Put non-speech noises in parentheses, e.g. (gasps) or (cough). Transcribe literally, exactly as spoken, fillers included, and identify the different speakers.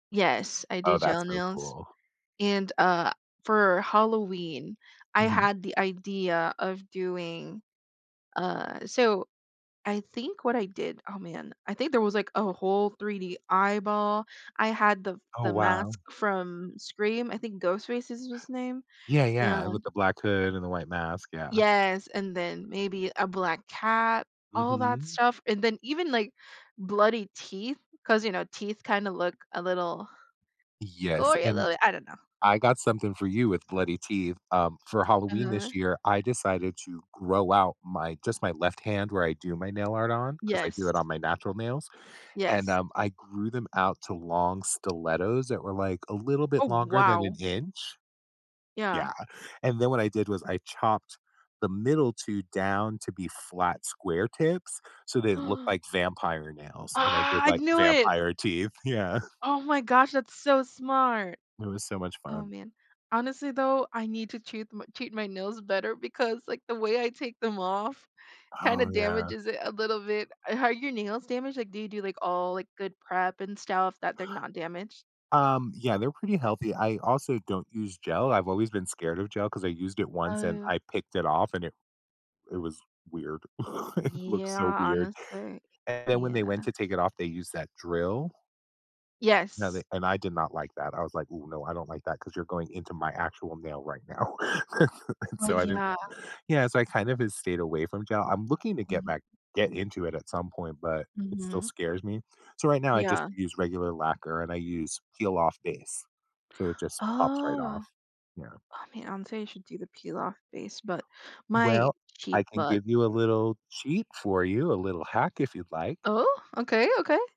Speaker 1: Yes. I do
Speaker 2: Oh,
Speaker 1: gel
Speaker 2: that's so
Speaker 1: nails,
Speaker 2: cool.
Speaker 1: and, uh, for Halloween, I
Speaker 2: Mhm.
Speaker 1: had the idea of doing, uh So I think what I did oh, man. I think there was, like, a whole 3D eyeball. I had the
Speaker 2: Oh,
Speaker 1: the
Speaker 2: wow.
Speaker 1: mask from Scream. I think Ghostface is his name,
Speaker 2: Yeah, yeah. With
Speaker 1: and
Speaker 2: the black hood and the white mask. Yeah.
Speaker 1: Yes. And then maybe a black cat, all that
Speaker 2: Mhm.
Speaker 1: stuff. And then even, like, bloody teeth 'cause, you know, teeth kinda look a little
Speaker 2: Yes.
Speaker 1: gory a
Speaker 2: And
Speaker 1: little bit. I don't know.
Speaker 2: I got something for you with bloody teeth, um, for Halloween
Speaker 1: Uh-huh.
Speaker 2: this year, I decided to grow out my just my left hand where I do my nail art on, 'cause I do it
Speaker 1: Yes.
Speaker 2: on my natural nails. And,
Speaker 1: Yes.
Speaker 2: um, I grew them out to long stilettos that were like a little bit
Speaker 1: Oh,
Speaker 2: longer than an
Speaker 1: wow!
Speaker 2: inch.
Speaker 1: Yeah.
Speaker 2: Yeah. And then what I did was I chopped the middle two down to be flat square tips, so they look
Speaker 1: (gasps)
Speaker 2: like vampire nails. And I
Speaker 1: Ah.
Speaker 2: did
Speaker 1: I
Speaker 2: like
Speaker 1: knew it.
Speaker 2: vampire teeth. Yeah.
Speaker 1: Oh my gosh. That's so smart.
Speaker 2: It was so much
Speaker 1: Oh,
Speaker 2: fun.
Speaker 1: man. Honestly though, I need to treat m treat my nails better because like the way I take them off kinda
Speaker 2: Oh, yeah.
Speaker 1: damages it a little bit. Are your nails damaged? Like, do you do like all like good prep and stuff that they're not damaged.
Speaker 2: Um, yeah. They're pretty healthy. I also don't use gel. I've always been scared of gel 'cause I used it once and
Speaker 1: Oh.
Speaker 2: I picked it off and it it was weird. (chuckles) It
Speaker 1: Yeah.
Speaker 2: looks so weird.
Speaker 1: Honestly.
Speaker 2: And then when they
Speaker 1: Yeah.
Speaker 2: went to take it off, they used that drill. Now they
Speaker 1: Yes.
Speaker 2: and I did not like that. I was like, "Ooh, no. I don't like that 'cause you're going into my actual nail right now." (chuckles) And
Speaker 1: Oh,
Speaker 2: so I didn't
Speaker 1: yeah.
Speaker 2: yeah. So I kind of stayed away from gel. I'm looking to get
Speaker 1: Mhm.
Speaker 2: back get into it at some point, but it still
Speaker 1: Mhm.
Speaker 2: scares me. So right now, I just
Speaker 1: Yeah.
Speaker 2: use regular lacquer, and I use peel off base. So it just pops right
Speaker 1: Oh,
Speaker 2: off. Yeah.
Speaker 1: I mean, I'm say you should do the peel off base, but my
Speaker 2: Well, I
Speaker 1: cheap
Speaker 2: can
Speaker 1: butt
Speaker 2: give you a little cheat for you, a little hack if you'd like.
Speaker 1: Oh, okay, okay.